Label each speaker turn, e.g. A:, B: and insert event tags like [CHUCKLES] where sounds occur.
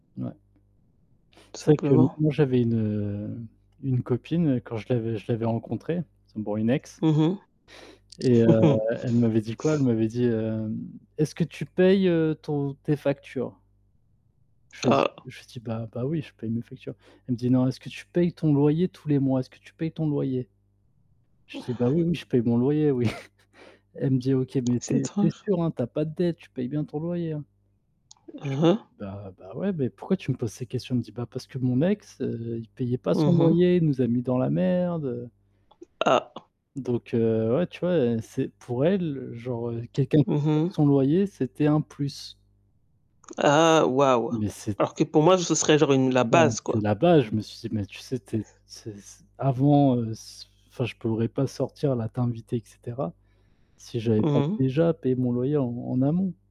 A: Ouais.
B: Tout
A: C'est vrai que m
B: simplement.
A: moi j'avais une, heu, une copine quand je l'avais je l'avais rencontrée, c'est bon une ex
B: Mmh
A: et heu,
B: mh. [LAUGHS]
A: elle m'avait dit quoi? Elle m'avait dit hem: «Est-ce que tu payes, heu, ton tes factures?» Je lui ai dit
B: Ah.
A: je lui dis: «Bah bah oui je paye mes factures». Elle me dit: «Non, est-ce que tu payes ton loyer tous les mois? Est-ce que tu payes ton loyer?» je lui dis: «Bah oui, oui, je paye mon loyer oui», [CHUCKLES] elle me dit: «OK mais tu
B: C'est
A: es tu es
B: étrange.
A: sûr hein tu as pas de dettes, tu payes bien ton loyer hein?» Je
B: Hein
A: lui dis:
B: hein.
A: «Bah, bah ouais, mais pourquoi tu me poses ces questions?» elle me dit: «Bah parce que mon ex, heu, il payait pas son
B: Mmh mh.
A: loyer, il nous a mis dans la merde, heu»
B: Ah.
A: Donc heu, ouais tu vois heu, c'est pour elle, genre, heu, quelqu'un qui
B: Mmh
A: paye
B: mh.
A: son loyer c'était un plus.
B: Ah, waouh!
A: Mais c'est t
B: Alors que pour moi, ce serait genre une la
A: non mais
B: base
A: c'est
B: quoi.
A: la base, je me suis dit, mais tu sais, t
B: [UNINTELLIGIBLE]
A: c'est c avant heu c enfin je pourrais pas sortir, là t'inviter et cetera si j'avais pas
B: Mmh mh.
A: déjà payé mon loyer en en amont.